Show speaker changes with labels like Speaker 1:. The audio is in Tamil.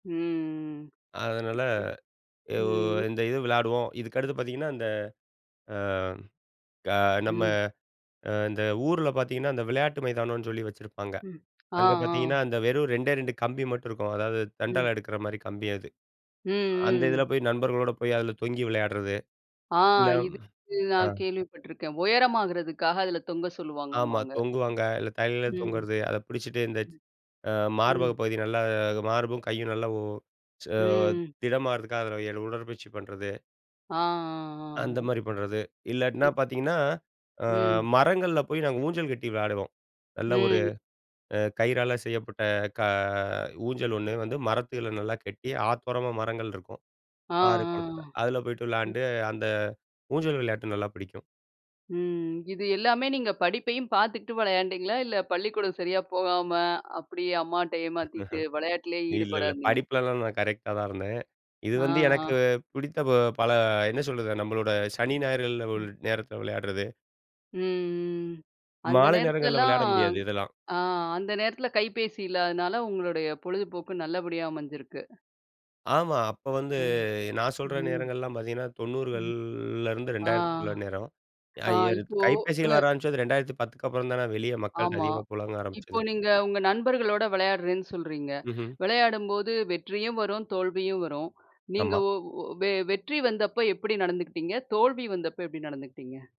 Speaker 1: ம்.
Speaker 2: அதனால
Speaker 1: ம்.
Speaker 2: அ
Speaker 1: ம். ம்.
Speaker 2: இந்த இது விளையாடுவோம். இதுக்கடுத்து பார்த்தீங்கன்னா, இந்த அ நம்ம
Speaker 1: ம்.
Speaker 2: அ இந்த ஊர்ல பார்த்தீங்கன்னா, அந்த விளையாட்டு மைதானம்ன்னு சொல்லி வச்சுருப்பாங்க.
Speaker 1: ம். அ
Speaker 2: அங்க
Speaker 1: ஆ.
Speaker 2: பார்த்தீங்கன்னா, அந்த வெறும் 2 ஏ, 2 கம்பி மட்டும் இருக்கும். அதாவது
Speaker 1: ம்.
Speaker 2: தண்டால எடுக்கிற மாரி கம்பி அது.
Speaker 1: ம்.
Speaker 2: அந்த
Speaker 1: ம்.
Speaker 2: இதுல
Speaker 1: ம்.
Speaker 2: போய் நண்பர்களோட போய் அதுல தொங்கி விளையாடுறது.
Speaker 1: ஆ
Speaker 2: இல்ல
Speaker 1: இதுக்கு நா
Speaker 2: அ.
Speaker 1: கேள்விப்பட்டுருக்கேன். உயரமாகுறதுக்காக அதுல தொங்க
Speaker 2: ஆமா
Speaker 1: சொல்லுவாங்கம்பாங்க.
Speaker 2: தொங்குவாங்க. இல்ல தலைகீழ
Speaker 1: ம்.
Speaker 2: தொங்குறது. அதை புடிச்சிட்டு இந்த
Speaker 1: ம்.
Speaker 2: அ
Speaker 1: ம்.
Speaker 2: மார்பகப் பகுதி நல்லா மார்பும், கையும் நல்லா உ ச
Speaker 1: ம்.
Speaker 2: திடமாகுறதுக்காக அதுல ஏறி உடற்பயிற்சி பண்ணுறது.
Speaker 1: ஆ. ஆ.
Speaker 2: அந்த
Speaker 1: ஆ.
Speaker 2: மாரி பண்ணுறது. இல்லாட்டினா
Speaker 1: இப்
Speaker 2: பார்த்தீங்கன்னா, அ
Speaker 1: ம்.
Speaker 2: மரங்கள்ல போய் நாங்க ஊஞ்சல் கட்டி விளாடுவோம். நல்ல ஒரு
Speaker 1: ம்.
Speaker 2: அ கயிறால செய்யப்பட்ட க ஊஞ்சல் 1 வந்து மரத்தில நல்லா கட்டி, ஆத்தோரமா மரங்கள் இருக்கும்.
Speaker 1: ஆ.
Speaker 2: ஆறு குளத்துல.
Speaker 1: ஆ.
Speaker 2: அதுல போய்ட்டு
Speaker 1: ம்.
Speaker 2: விளையாண்டு, அந்த ஊஞ்சல் விளையாட்டு நல்லா பிடிக்கும்.
Speaker 1: ம். இது எல்லாமே நீங்க படிப்பையும் பார்த்துகிட்டு வெளையாண்டீங்களா? இல்லை, பள்ளிக்கூடம் சரியா போகாம அப்படியே அம்மாட்ட ஏமாத்திட்டு
Speaker 2: இஹ்ம்.
Speaker 1: வெளையாட்டுலயே
Speaker 2: இல்ல,
Speaker 1: ஈடுபடா
Speaker 2: இல்ல.
Speaker 1: இருந்தீங்களா?
Speaker 2: படிப்புலலாம் நான் கரெக்ட்டா தான் இருந்தேன். இது
Speaker 1: ஆ.
Speaker 2: வந்து
Speaker 1: ஆ.
Speaker 2: எனக்கு புடித்த பல என்ன சொல்றது? நம்மளோட சனி ஞாயிறுகள் ஒரு
Speaker 1: ம்.
Speaker 2: நேரத்தில விளையாடுறது.
Speaker 1: ம். ம். அந்த
Speaker 2: மாலை நேரங்கள்ல
Speaker 1: நேரத்துலலாம்,
Speaker 2: விளையாட முடியாது இதெல்லாம்.
Speaker 1: அ அந்த நேரத்தில கைபேசி இல்லாதனால உங்களுடைய பொழுதுபோக்கு நல்லபடியா அமைஞ்சிருக்கு.
Speaker 2: ஆமா. அப்போ வந்து
Speaker 1: ம்.
Speaker 2: நான் சொல்ற
Speaker 1: ம்.
Speaker 2: நேரங்கள்லாம் பார்த்தீங்கன்னா, 90கள்
Speaker 1: ம்.
Speaker 2: லருந்து
Speaker 1: ஆ.
Speaker 2: 2000க்குள்ள நேரம்.
Speaker 1: ஆ
Speaker 2: அய்யது
Speaker 1: இப்போ அ.
Speaker 2: கைபேசிகள் வர ஆரம்பிச்சது 2010 க்கப்புறம் தான வெளிய மக்கள்ட்ட
Speaker 1: ஆமா.
Speaker 2: அதிகமா புலங்க
Speaker 1: இப்போ
Speaker 2: ஆரம்பிச்சது.
Speaker 1: நீங்க உங்க நண்பர்களோட விளையாடுறேன்னு சொல்கிறீங்க.
Speaker 2: ம்ஹ்ம்.
Speaker 1: விளையாடும்போது வெற்றியும் வரும், தோல்வியும் வரும். நீங்க
Speaker 2: ஆமா.
Speaker 1: ஒ ஒ வெ வெற்றி வந்தப்ப எப்படி நடந்துக்கிட்டீங்க? தோல்வி வந்தப்ப எப்படி நடந்துக்கிட்டீங்க?